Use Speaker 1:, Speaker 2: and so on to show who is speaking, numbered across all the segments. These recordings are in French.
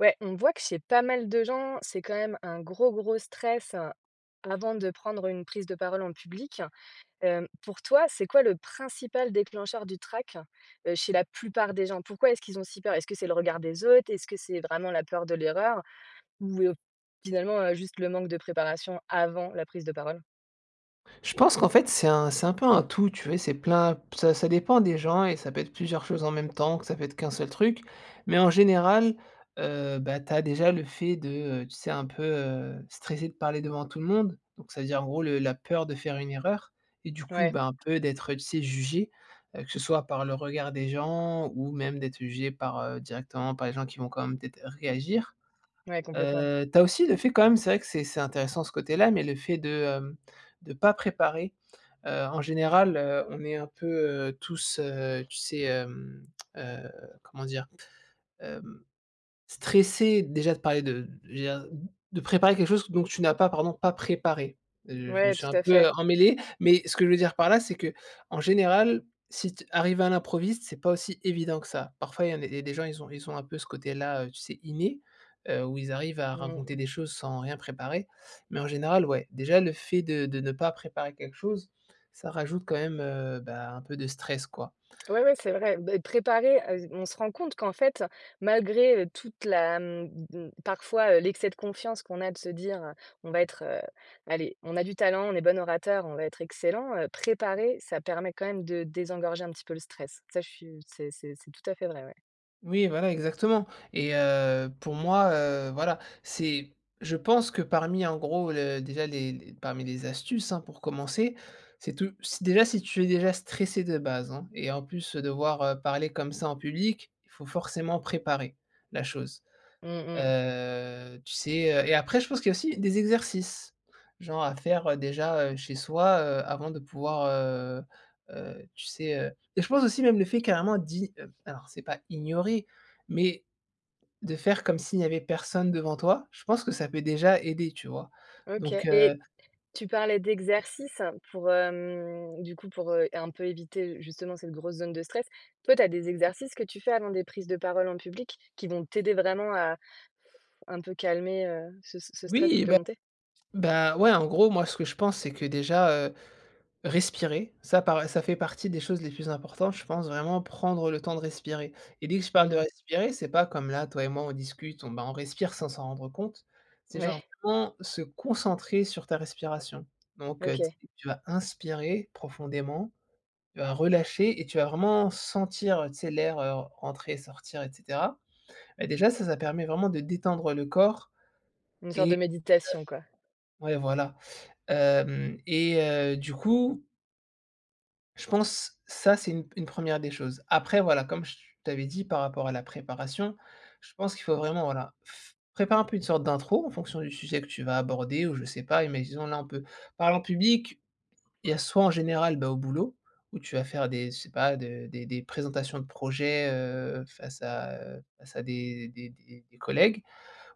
Speaker 1: Ouais, on voit que chez pas mal de gens, c'est quand même un gros, gros stress, heu, avant de prendre une prise de parole en public, hem, pour toi, c'est quoi le principal déclencheur du trac, heu, chez la plupart des gens? Pourquoi est-ce qu'ils ont si peur? Est-ce que c'est le regard des autres? Est-ce que c'est vraiment la peur de l'erreur ou, heu, finalement, heu, juste le manque de préparation avant la prise de parole?
Speaker 2: Je pense qu'en fait c'est un c'est un peu un tout, tu vois et c'est plein p ça ça dépend des gens et ça peut être plusieurs choses en même temps, que ça peut être qu'un seul truc mais en général, heu, bah, tu as déjà le fait de, heu tu sais un peu, heu, stresser de parler devant tout le monde, donc ça veut dire en gros le la peur de faire une erreur et du coup,
Speaker 1: Ouais.
Speaker 2: ben, un peu d'être, heu, tu sais jugée, heu, que ce soit par le regard des gens ou même d'être jugée par, heu, directement par les gens qui vont quand même peut-être réagir,
Speaker 1: Ouais, complètement.
Speaker 2: heu, tu as aussi le fait quand même c'est vrai que c'est c'est intéressant ce côté-là mais le fait de, hem, de pas préparer, heu, en général, heu, on est un peu, heu, tous, heu, tu sais, hem, heu, comment dire, hem, stressés déjà de parler de je veux dire, de préparer quelque chose que donc tu n'as pas pardon, pas préparé, heu, je me
Speaker 1: Ouais,
Speaker 2: suis un
Speaker 1: tout à
Speaker 2: peu
Speaker 1: fait.
Speaker 2: emmêlé mais ce que je veux dire par là, c'est que en général, si t arriver à l'improviste, c'est pas aussi évident que ça. Parfois, il y en a il y a des gens, ils ont, ils ont un peu ce côté là, heu, tu sais inné, heu, où ils arrivent à
Speaker 1: Mmh
Speaker 2: raconter
Speaker 1: mh.
Speaker 2: des choses sans rien préparer mais en général, ouais, déjà le fait de de ne pas préparer quelque chose, ça rajoute quand même, heu, bah, un peu de stress, quoi.
Speaker 1: Ouais, ouais, c'est vrai, beh préparer à s on se rend compte qu'en fait malgré toute la m m parfois l'excès de confiance qu'on a de se dire, heu, on va être, heu, allez, on a du talent, on est bon orateur, on va être excellent, heu, préparer, ça permet quand même de désengorger un petit peu le stress. Ça, je suis c'est c'est c'est tout à fait vrai. Ouais.
Speaker 2: Oui, voilà, exactement et heu, pour moi, heu, voilà, c'est je pense que, parmi, en gros, le déjà les l parmi les astuces, hein, pour commencer, c'est tout c'est déjà, si tu es déjà stressé de base, hein, et en plus, devoir parler comme ça en public, il faut forcément préparer la chose.
Speaker 1: Mmh mh.
Speaker 2: Heu, tu sais, heu et après je pense qu'il y a aussi des exercices, genre à faire, heu, déjà, heu, chez soi, heu, avant de pouvoir, heu heu, tu sais, heu, et je pense aussi, même le fait carrément d'i heu, alors c'est pas ignorer mais de faire comme s'il n'y avait personne devant toi, je pense que ça peut déjà aider, tu vois.
Speaker 1: OK
Speaker 2: Donc
Speaker 1: et
Speaker 2: heu
Speaker 1: tu parlais d'exercices pour, hem, du coup, pour, heu, un peu éviter, justement, cette grosse zone de stress. Toi, tu as des exercices que tu fais avant des prises de parole en public, qui vont t'aider vraiment à un peu calmer, heu, ce ce stress qui
Speaker 2: Oui,
Speaker 1: peut
Speaker 2: bah
Speaker 1: monter?
Speaker 2: bah, ouais. En gros, moi, ce que je pense, c'est que, déjà, heu, respirer ça par ça fait partie des choses les plus importantes. Je pense vraiment prendre le temps de respirer. Et dès que je
Speaker 1: Mmh
Speaker 2: parle de
Speaker 1: mh.
Speaker 2: respirer, c'est pas comme là, toi et moi, on discute, on, bah, on respire sans s'en rendre compte. C'est genre
Speaker 1: Ouais.
Speaker 2: vraiment se concentrer sur ta respiration. Donc heu, t
Speaker 1: OK.
Speaker 2: tu vas inspirer profondément, tu vas relâcher et tu vas vraiment sentir, heu, tu sais, l'air, heu, entrer et sortir et cetera. Et déjà, ça ça permet vraiment de détendre le corps
Speaker 1: Une sorte
Speaker 2: et heu
Speaker 1: de méditation, quoi.
Speaker 2: ouais, voilà. Hem et heu, du coup je pense ça, c'est une p une 1re des choses. Après, voilà, comme je t'avais dit par rapport à la préparation, je pense qu'il faut vraiment, voilà, f préparer un peu une sorte d'intro en fonction du sujet que tu vas aborder ou je sais pas. Imaginons, là, on peut parler en public. Il y a soit, en général, bah, au boulot, où tu vas faire des je sais pas, de des des présentations de projets, heu, face à, heu, face à des des des des collègues.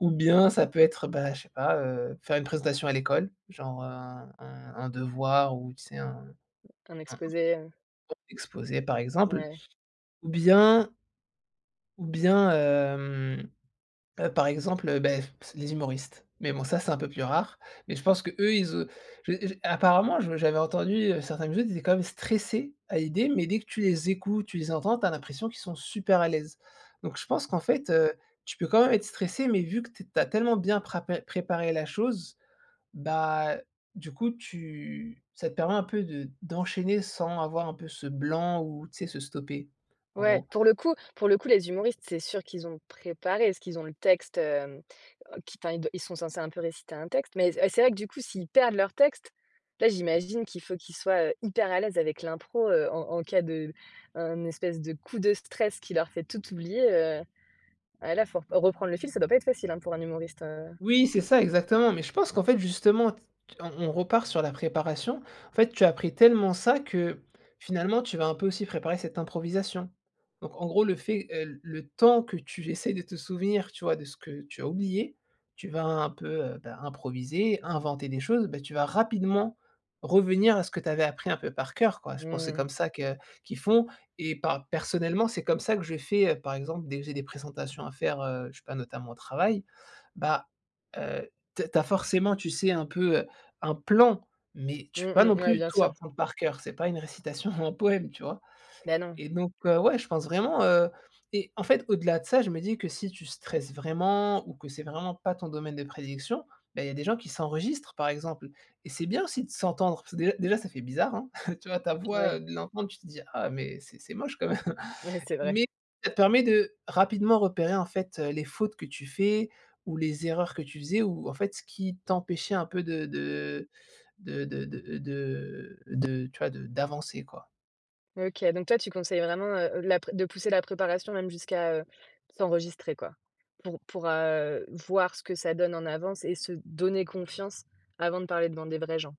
Speaker 2: Ou bien ça peut être, bah, je sais pas, heu, faire une présentation à l'école, genre, heu, un un un devoir ou, tu sais, un
Speaker 1: Un exposé, heu
Speaker 2: [unintelligible] exposé, par exemple.
Speaker 1: Ouais.
Speaker 2: Ou bien ou bien, hem, heu, par exemple, beh, les humoristes. Mais bon, ça c'est un peu plus rare. Mais je pense qu'eux, ils et j j et apparemment, je j'avais entendu, heu, certains humoristes qui étaient quand même stressés à l'idée. Mais, dès que tu les écoutes, tu les entends, tu as l'impression qu'ils sont super à l'aise. Donc je pense qu'en fait, heu, tu peux quand même être stressé, mais vu que t tu as tellement bien prapé préparé la chose, bah, du coup, tu ça te permet un peu de d'enchaîner sans avoir un peu ce blanc ou, tu sais, se stopper, en
Speaker 1: Ouais,
Speaker 2: gros.
Speaker 1: pour le coup pour le coup, les humoristes, c'est sûr qu'ils ont préparé, parce qu'ils ont le texte. Hem, qui, enfin, ils d ils sont censés un peu réciter un texte. Mais c c'est vrai que, du coup, s'ils perdent leur texte, là, j'imagine qu'il faut qu'ils soient, heu, hyper à l'aise avec l'impro, heu, en en cas de, hem, un espèce de coup de stress qui leur fait tout oublier, heu. Ah, là, faut rep reprendre le fil, ça doit pas être facile, hein, pour un humoriste, heu
Speaker 2: Oui, c'est ça, exactement. Mais je pense qu'en fait, justement, t on on repart sur la préparation. En fait, tu appris tellement ça que, finalement, tu vas un peu aussi préparer cette improvisation. Donc, en gros, le fait, heu, l le temps que tu essaies de te souvenir, tu vois, de ce que tu as oublié, tu vas un peu, heu, bah, improviser, et inventer des choses. Bah, tu vas rapidement revenir à ce que tu avais appris un peu par cœur, quoi. Je pense c'est
Speaker 1: Mmh.
Speaker 2: comme ça que qu'ils font et pa personnellement, c'est comme ça que je fait, heu, par exemple, dès que j'ai des présentations à faire, heu, je sais pas, notamment au travail. Bah, heu, tu as tu as forcément, tu sais, un peu, heu, un plan, mais
Speaker 1: Mmh
Speaker 2: tu peux pas non
Speaker 1: mh, ouais,
Speaker 2: plus
Speaker 1: bien
Speaker 2: tout
Speaker 1: sûr.
Speaker 2: apprendre par cœur, c'est pas une récitation ou un poème, tu vois.
Speaker 1: Bah, non.
Speaker 2: Et donc heu, ouais, je pense vraiment, heu et en fait, au-delà de ça, je me dis que si tu stresses vraiment ou que c'est vraiment pas ton domaine de prédilection, beh, il y a des gens qui s'enregistrent, par exemple et c'est bien aussi de s'entendre. Parce que, déjà déjà, ça fait bizarre, hein, tu vois, ta voix,
Speaker 1: Ouais.
Speaker 2: heu, de l'entendre. Tu te dis: «Ah, mais c'est c'est moche quand même».
Speaker 1: Ouais, c'est vrai.
Speaker 2: Mais ça permet de rapidement repérer, en fait, heu, les fautes que tu fais ou les erreurs que tu faisais ou, en fait, ce qui t'empêchait un peu de de de de de de de tu vois, de d'avancer, quoi.
Speaker 1: OK. Donc toi, tu conseilles vraiment, heu, de la pré de pousser la préparation même jusqu'à, heu, s'enregistrer, quoi, pour pour, heu, voir ce que ça donne en avance et se donner confiance avant de parler devant des vrais gens.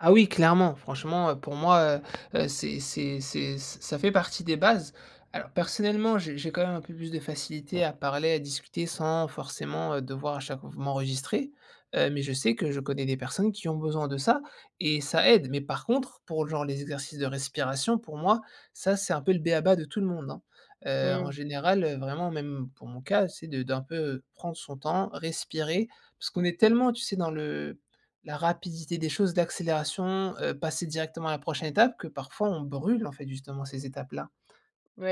Speaker 2: Ah, oui, clairement, franchement, heu, pour moi, heu heu, c'est c'est c'est ça fait partie des bases. Alors personnellement j'ai j'ai, quand même, un peu plus de facilité à parler, à discuter, sans forcément, heu, devoir, à chaque fois, m'enregistrer. Heu, mais je sais que je connais des personnes qui ont besoin de ça et ça aide mais par contre, pour, genre, les exercices de respiration, pour moi, ça, c'est un peu le béaba de tout le monde, hein. Heu, en
Speaker 1: Mmh.
Speaker 2: général, heu, vraiment, même pour mon cas, c'est de d'un peu, heu, prendre son temps, respirer parce qu'on est tellement, tu sais, dans le la rapidité des choses, d'accélération, heu, passer directement à la prochaine étape que parfois, on brûle, en fait, justement, ces étapes-là.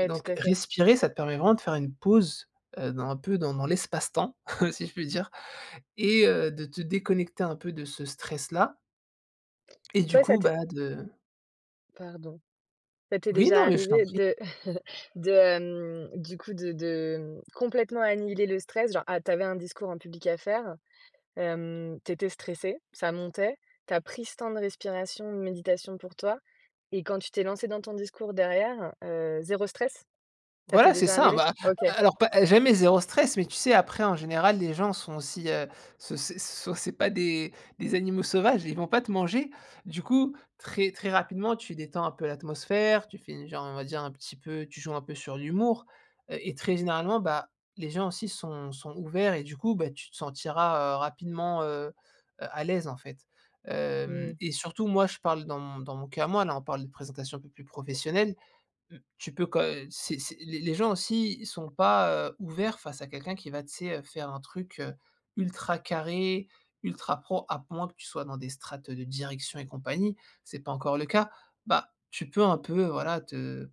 Speaker 2: Et
Speaker 1: tout
Speaker 2: donc
Speaker 1: à fait.
Speaker 2: respirer, ça te permet vraiment de faire une pause, heu, dans un peu dans dans l'espace-temps, si je puis dire et heu, de te déconnecter un peu de ce stress-là. Et du
Speaker 1: Toi ça
Speaker 2: coup,
Speaker 1: t'est
Speaker 2: bah, de
Speaker 1: Pardon. Ça t'est
Speaker 2: Oui,
Speaker 1: déjà
Speaker 2: non mais je t'en
Speaker 1: arrivé
Speaker 2: prie.
Speaker 1: de de, hem, du coup, de de, mmh, complètement annihiler le stress, genre, ah, tu avais un discours en public à faire, hem, tu étais stressé, ça montait, tu as pris ce temps de respiration, de méditation pour toi et quand tu t'es lancé dans ton discours derrière, heu, 0 stress? Ça t'est
Speaker 2: Voilà, c'est
Speaker 1: déjà
Speaker 2: ça.
Speaker 1: arrivé?
Speaker 2: Ben,
Speaker 1: OK.
Speaker 2: a alors, pas jamais 0 stress mais tu sais, après, en général, les gens sont aussi, heu, ce c'est so c'est pas des des animaux sauvages. Ils vont pas te manger. Du coup, très, très rapidement, tu détends un peu l'atmosphère, tu finis, genre, on va dire, un petit peu tu joues un peu sur l'humour, heu et très généralement, bah, les gens aussi sont sont ouverts et du coup, beh, tu te sentiras, heu, rapidement, heu heu, à l'aise, en fait.
Speaker 1: Mmh.
Speaker 2: Hem et surtout, moi, je parle dans mon dans mon cas à moi. Là, on parle de présentations un peu plus professionnelles. Mmh, tu peux, quand heu, c'est c'est les les gens, aussi, ils sont pas, heu, ouverts face à quelqu'un qui va, tu sais, heu, faire un truc, heu, ultra carré, ultra pro à moins que tu sois dans des strates, heu, de direction et compagnie. C'est pas encore le cas. Bah, tu peux un peu, voilà, te,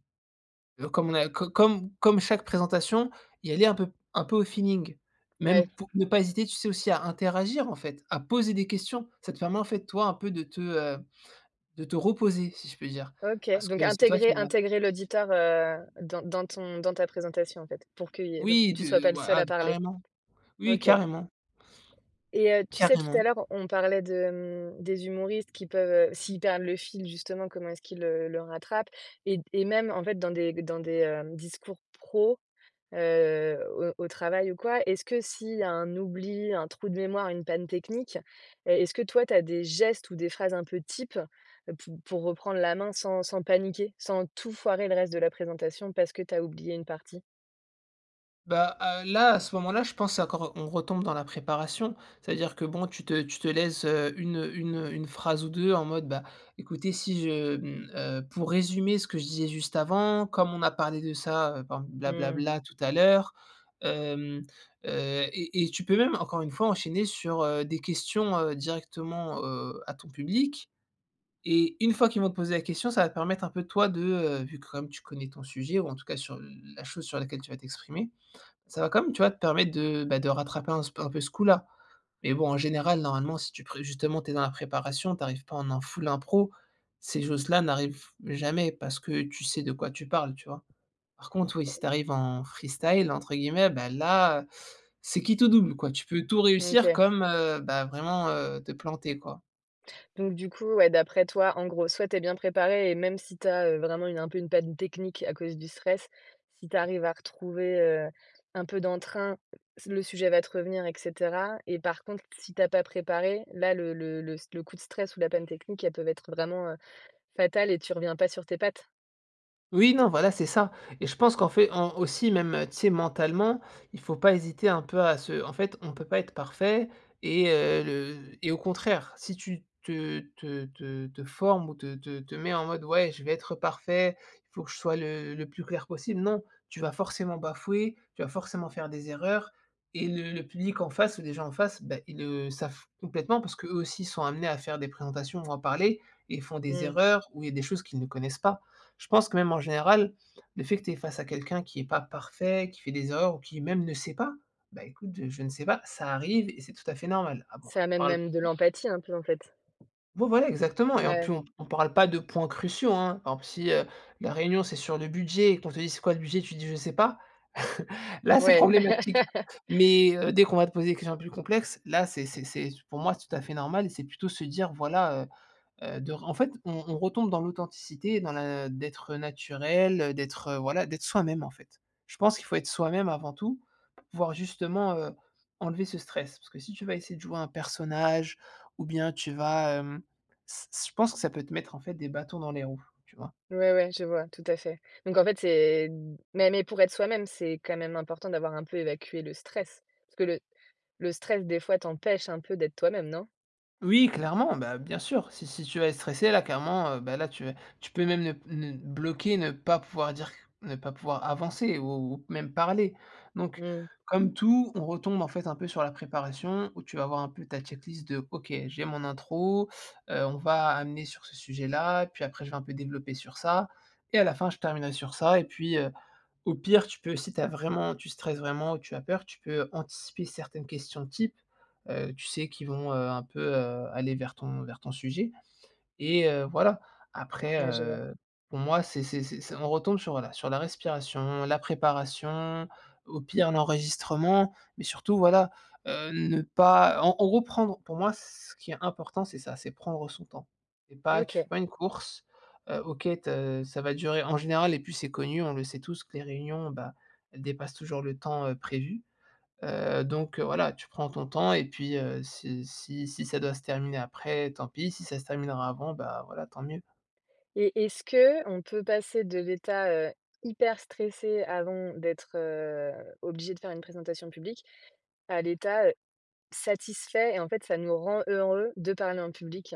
Speaker 2: heu, comme on a co comme comme chaque présentation, y aller un peu un peu au feeling.
Speaker 1: Ouais.
Speaker 2: Même pour ne pas hésiter, tu sais, aussi à interagir, en fait, à poser des questions. Ça te permet, en fait, toi, un peu de te, heu, de te reposer, si je peux dire,
Speaker 1: OK
Speaker 2: parce
Speaker 1: donc
Speaker 2: que c'est toi
Speaker 1: intégrer
Speaker 2: qui va
Speaker 1: intégrer l'auditeur, heu, dans dans ton dans ta présentation, en fait, pour qu'il y ait
Speaker 2: Oui,
Speaker 1: tu sois
Speaker 2: de
Speaker 1: pas le
Speaker 2: voi
Speaker 1: seul
Speaker 2: ah,
Speaker 1: à parler.
Speaker 2: carrément, oui
Speaker 1: OK.
Speaker 2: carrément.
Speaker 1: Et heu, tu sais, tout à
Speaker 2: Carrément.
Speaker 1: l'heure, on parlait de, mmh, des humoristes qui peuvent, heu, s'ils perdent le fil, justement, comment est-ce qu'ils, heu, le rattrapent et et même, en fait, dans des dans des, hem, discours pro, heu, au au travail ou quoi, est-ce que s'il y a un oubli, un trou de mémoire, une panne technique, est est-ce que toi, tu as des gestes ou des phrases un peu types pour pour reprendre la main, sans sans paniquer, sans tout foirer le reste de la présentation parce que tu as oublié une partie?
Speaker 2: Bah à là, à ce moment-là, je pense c'est encore on retombe dans la préparation. C'est-à-dire que bon, tu te tu te laisses, heu, une une une phrase ou 2 en mode bah écoutez si je mmh, heu, pour résumer ce que je disais juste avant, comme on a parlé de ça, heu, ben bla bla
Speaker 1: Mmh.
Speaker 2: bla tout à l'heure, hem, heu, et et tu peux même encore une fois enchaîner sur, heu, des questions, heu, directement, heu, à ton public, et une fois qu'ils vont te poser la question ça va te permettre un peu toi, de, heu, vu comme tu connais ton sujet ou en tout cas sur l la chose sur laquelle tu vas t'exprimer. Ça va quand même tu vois? Te permettre de bah, de rattraper un s un peu ce coup-là, mais bon en général normalement si tu pré justement tu es dans la préparation, tu arrives pas en un full impro. Ces choses-là n'arrivent jamais parce que tu sais de quoi tu parles, tu vois? Par contre oui, si tu
Speaker 1: [unintelligible]
Speaker 2: arrives en freestyle entre guillemets bah là, c'est quitte double quoi. Tu peux tout réussir
Speaker 1: OK.
Speaker 2: comme, heu, bah vraiment, heu, te planter quoi.
Speaker 1: Donc du coup ouais, d'après toi, en gros soit, tu es bien préparé et même si tu as, heu, vraiment une un peu une panne technique à cause du stress, si tu arrives à retrouver, heu, un peu d'entrain, le sujet va te revenir et cetera, et par contre si tu as pas préparé, là le le le s le coup de stress ou la panne technique, elles peuvent être vraiment, heu, fatales et tu reviens pas sur tes pattes?
Speaker 2: Oui, non, voilà, c'est ça et je pense qu'en fait, en aussi même, heu, tu sais, mentalement, il faut pas hésiter un peu, à se en fait, on peut pas être parfait et heu, le et au contraire, si tu te te te te formes ou te te te mets en mode: «Ouais, je vais être parfait. Il faut que je sois le le plus clair possible». Non! Tu vas forcément bafouer. Tu vas forcément faire des erreurs et le le public, en face ou les gens en face, bah, ils le savent complètement parce qu'eux aussi sont amenés à faire des présentations ou à parler. Ils font des
Speaker 1: Mmh.
Speaker 2: erreurs ou il y a des choses qu'ils ne connaissent pas. Je pense que, même, en général, le fait que tu es face à quelqu'un qui est pas parfait, qui fait des erreurs ou qui, même, ne sait pas: «Bah, écoute je je ne sais pas». Ça arrive et c'est tout à fait normal. [unintelligible]
Speaker 1: Ça
Speaker 2: on
Speaker 1: amène
Speaker 2: parl
Speaker 1: même de
Speaker 2: [unintelligible]
Speaker 1: l'empathie, un peu, en fait?
Speaker 2: Ouais, voilà, exactement et en plu
Speaker 1: Ouais.
Speaker 2: on on parle pas de points cruciaux, hein. Par exemple, si, heu, la réunion, c'est sur le budget et qu'on te dit: «C'est quoi, le budget?» Tu dis: «Je sais pas». Là, c'est
Speaker 1: Ouais.
Speaker 2: problématique. Mais heu, dès qu'on va te poser des questions plus complexes, là, c'est c'est c'est c'est pour moi, c'est tout à fait normal et c'est plutôt se dire: «Voilà, heu heu, de ren» en fait, on on retombe dans l'authenticité, dans la d'être naturel, heu, d'être, voilà, d'être soi-même, en fait. Je pense qu'il faut être soi-même avant tout, pour pouvoir justement, heu, enlever ce stress, parce que si tu vas essayer de jouer un personnage ou bien, tu vas, hem, ç ç je pense que ça peut te mettre, en fait, des bâtons dans les roues, tu vois?
Speaker 1: Ouais, ouais, je vois, tout à fait. Donc en fait, c'est d mais mais pour être soi-même, c'est quand même important d'avoir un peu évacué le stress parce que le le stress, des fois, t'empêche un peu d'être toi-même, non?
Speaker 2: Oui, clairement, bah, bien sûr. Si si tu vas être stressée, là, clairement, heu, bah, là, tu vas tu peux même le n n bloquer, ne pas pouvoir dire qu ne pas pouvoir avancer ou ou même parler. Donc,
Speaker 1: Mmh.
Speaker 2: comme tout, on retombe, en fait, un peu, sur la préparation où tu vas voir un peu ta check list de: «OK, j'ai mon intro, heu, on va amener sur ce sujet-là. Puis après, je vais un peu développer sur ça et à la fin, je terminerai sur ça». Et puis heu, au pire, tu peux, si tu as vraiment tu stresses vraiment ou tu as peur, tu peux anticiper certaines questions type, heu, tu sais, qui vont, heu, un peu, heu, aller vers ton vers ton sujet et heu, voilà. Après
Speaker 1: Ouais, je vois.
Speaker 2: heu, pour moi, c'est c'est c'est c'est on retombe sur voilà, sur la respiration, la préparation, au pire, l'enregistrement mais surtout, voilà, heu, ne pas en en gros, prendre pour moi, ce qui est important, c'est ça, c'est prendre son temps et pas tu fais
Speaker 1: OK.
Speaker 2: pas une course. Heu, OK, te ça va durer, en général et puis c'est connu, on le sait tous que les réunions, bah, elles dépassent toujours le temps, heu, prévu. Heu donc heu, voilà, tu prends ton temps et puis heu, si si si ça doit se terminer après, tant pis si ça se terminera avant, ben, voilà, tant mieux.
Speaker 1: Et est-ce qu'on peut passer de l'état, heu, hyper stressé avant d'être, heu, obligé de faire une présentation publique, à l'état, heu, satisfait et, en fait, ça nous rend heureux de parler en public?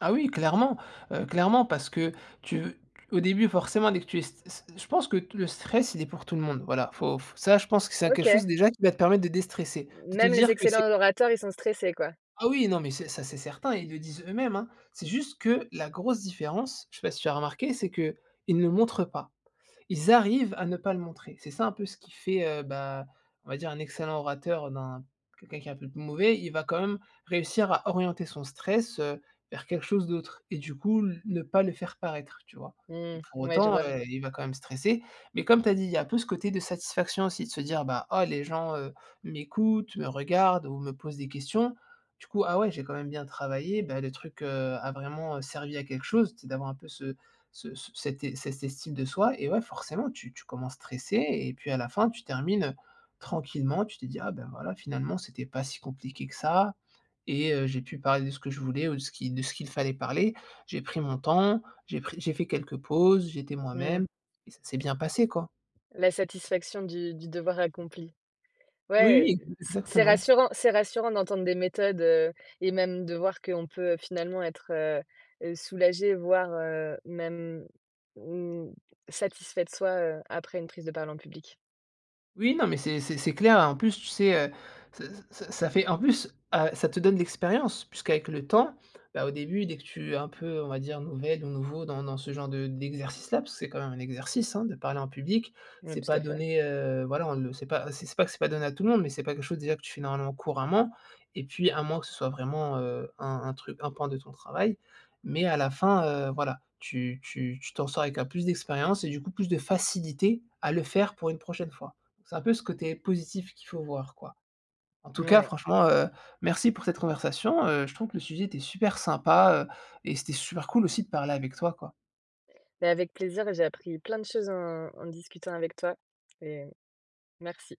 Speaker 2: Ah oui, clairement. Heu, clairement, parce que tu au début, forcément, dès que tu es st st je pense que le stress, il est pour tout le monde, voilà, il faut f ça, je pense que c'est a quelque
Speaker 1: OK.
Speaker 2: chose, déjà, qui va te permettre de déstresser, de te
Speaker 1: Même les
Speaker 2: dire que c'est
Speaker 1: excellents orateurs, ils sont stressés, quoi?
Speaker 2: Ah oui, non, mais c'est ça, c'est certain. Ils le disent eux-mêmes, hein. C'est juste que la grosse différence, je sais pas si tu as remarqué, c'est qu'ils ne montrent pas. Ils arrivent à ne pas le montrer. C'est ça un peu ce qui fait, heu, bah, on va dire un excellent orateur d'un quelqu'un qui est un peu plus mauvais, il va quand même réussir à orienter son stress, heu, vers quelque chose d'autre et, du coup, l ne pas le faire paraître, tu vois? Et
Speaker 1: Mmh,
Speaker 2: pour
Speaker 1: ouais, je
Speaker 2: autant,
Speaker 1: vois.
Speaker 2: heu, il va quand même stresser, mais, comme tu as dit, il y a un peu ce côté de satisfaction, aussi, de se dire, bah: «Ah, les gens, heu, m'écoutent, me regardent ou me posent des questions. Du coup, ah ouais, j'ai quand même bien travaillé, bah, le truc, heu, a vraiment, heu, servi à quelque chose», tu sais d'avoir un peu ce ce c cette cette estime de soi, et ouais, forcément, tu tu commences stressé et puis à la fin tu termines, heu, tranquillement. Tu te dis: «Ah, bah, voilà, finalement, c'était pas si compliqué que ça et, heu, j'ai pu parler de ce que je voulais ou de ce qu'il de ce qu'il fallait parler. J'ai pris mon temps, j'ai pris j'ai fait quelques pauses, j'étais
Speaker 1: Mmh.
Speaker 2: moi-même et ça s'est bien passé, quoi.»
Speaker 1: La satisfaction du du devoir accompli. Ouais,
Speaker 2: Oui, oui,
Speaker 1: heu,
Speaker 2: e
Speaker 1: c c'est
Speaker 2: exactement.
Speaker 1: rassurant c'est rassurant d'entendre des méthodes, heu, et même de voir qu'on peut, heu, finalement être, heu, soulagé, voire, heu, même, mmh, satisfait de soi, heu, après une prise de parole en public.
Speaker 2: Oui, non, mais c'est c'est c'est clair, heu, et en plus, tu sais, heu, c c c ça fait en plus, heu, ça te donne de l'expérience. Puisqu'avec le temps, bah, au début, dès que tu es un peu, on va dire, nouvelle ou nouveau dans dans ce genre de d'exercice-là, puisque c'est quand même un exercice, hein, de parler en public,
Speaker 1: Mmh,
Speaker 2: c'est
Speaker 1: tout à
Speaker 2: pas
Speaker 1: fait.
Speaker 2: donné, heu, voilà on le sait pas, c c'est pas que c'est pas donné à tout le monde, mais c'est pas quelque chose, déjà, que tu fais normalement, couramment, et puis, à moins que ce soit vraiment, heu, un un truc un pan de ton travail, mais à la fin, heu, voilà, tu tu tu t'en sors avec un plus d'expérience et, du coup, plus de facilité à le faire pour une prochaine fois. C'est un peu ce côté positif qu'il faut voir, quoi. En tout cas,
Speaker 1: Ouais.
Speaker 2: franchement, heu, merci pour cette conversation, heu. Je trouve que le sujet était super sympa, heu, et c'était super cool aussi de parler avec toi, quoi.
Speaker 1: Mais avec plaisir. Et j'ai appris plein de choses en en discutant avec toi et merci.